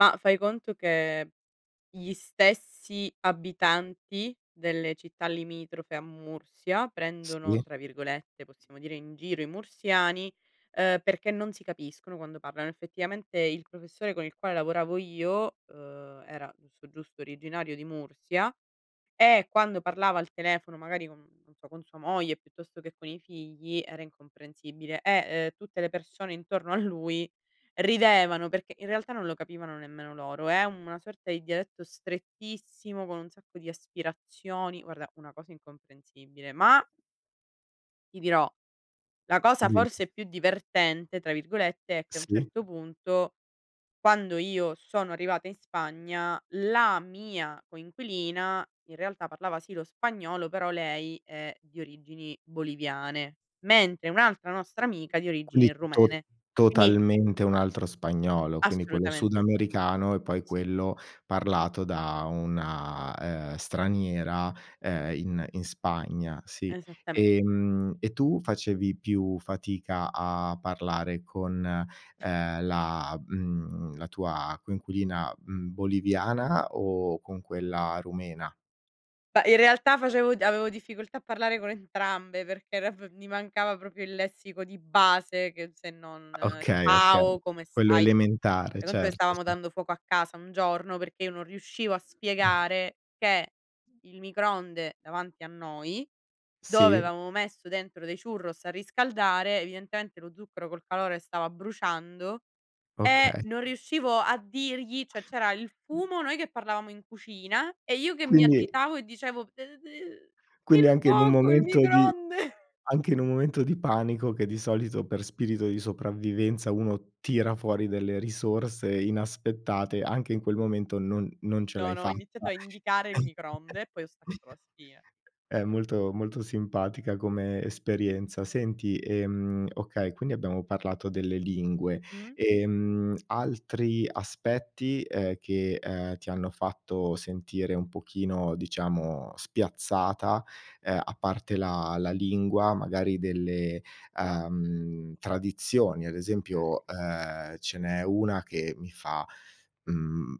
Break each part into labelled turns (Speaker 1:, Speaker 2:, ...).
Speaker 1: Ma fai conto che gli stessi abitanti delle città limitrofe a Mursia prendono
Speaker 2: Sì.
Speaker 1: tra virgolette, possiamo dire, "in giro" i mursiani uhm, perché non si capiscono quando parlano. Effettivamente il professore con il quale lavoravo io, uhm, era giusto, giusto originario di Mursia e quando parlava al telefono, magari con, non so, con sua moglie piuttosto che con i figli, era incomprensibile e ehm tutte le persone intorno a lui ridevano perché in realtà non lo capivano nemmeno loro. È una sorta di dialetto strettissimo con un sacco di aspirazioni. Guarda, una cosa incomprensibile, ma ti dirò, la cosa
Speaker 2: Dimmi.
Speaker 1: forse più "divertente" tra virgolette è che a un
Speaker 2: Sì.
Speaker 1: certo punto quando io sono arrivata in Spagna la mia coinquilina in realtà parlava sì lo spagnolo però lei è di origini boliviane, mentre un'altra nostra amica di
Speaker 2: Quindi
Speaker 1: origini
Speaker 2: tot
Speaker 1: rumene, quindi
Speaker 2: totalmente un altro spagnolo, quindi quello
Speaker 1: Assolutamente sì.
Speaker 2: sudamericano e poi
Speaker 1: Sì.
Speaker 2: quello parlato da una, uhm, straniera, uhm, in in Spagna, sì.
Speaker 1: Esattame
Speaker 2: Ehm, e tu facevi più fatica a parlare con, uhm, la mhmm la tua coinquilina, mhmm, boliviana o con quella rumena?
Speaker 1: Beh, in realtà facevo avevo difficoltà a parlare con entrambe perché r f mi mancava proprio il lessico di base che se non
Speaker 2: Okay, okay.
Speaker 1: "ciao, come
Speaker 2: Quello
Speaker 1: stai."
Speaker 2: elementare,
Speaker 1: Fai conto che
Speaker 2: certo,
Speaker 1: stavamo
Speaker 2: ce
Speaker 1: dando fuoco a casa un giorno perché io non riuscivo a spiegare che il microonde davanti a noi dove
Speaker 2: Sì.
Speaker 1: avevamo messo dentro dei churros a riscaldare, evidentemente lo zucchero col calore stava bruciando e
Speaker 2: Okay.
Speaker 1: non riuscivo a dirgli, cioè c'era il fumo noi che parlavamo in cucina e io che mi
Speaker 2: Quindi
Speaker 1: agitavo e dicevo: "d d
Speaker 2: quindi
Speaker 1: il
Speaker 2: anche in un
Speaker 1: fuoco, il
Speaker 2: momento di
Speaker 1: microonde."
Speaker 2: anche in un momento di panico che di solito per spirito di sopravvivenza uno tira fuori delle risorse inaspettate, anche in quel momento non non ce
Speaker 1: No,
Speaker 2: l'hai
Speaker 1: no, ho iniziato
Speaker 2: fatta,
Speaker 1: a indicare il microonde e poi ho staccato la spina.
Speaker 2: È molto molto simpatica come esperienza. Senti, ehm, okay, quindi abbiamo parlato delle lingue.
Speaker 1: Mh.
Speaker 2: Ehm, altri aspetti, eh, che uhm ti hanno fatto sentire un pochino diciamo spiazzata, eh a parte la la lingua, magari delle uhm, tradizioni. Ad
Speaker 1: Okay.
Speaker 2: esempio, ehm, ce n'è una che mi fa, mhmm,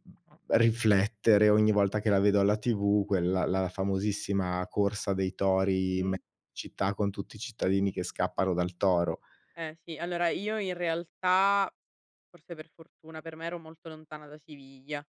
Speaker 2: riflettere ogni volta che la vedo alla TV, quella, la famosissima corsa dei tori in me
Speaker 1: Mh.
Speaker 2: città con tutti i cittadini che scappano dal toro.
Speaker 1: Eh, sì. Allora io in realtà, forse per fortuna per me, ero molto lontana da Siviglia.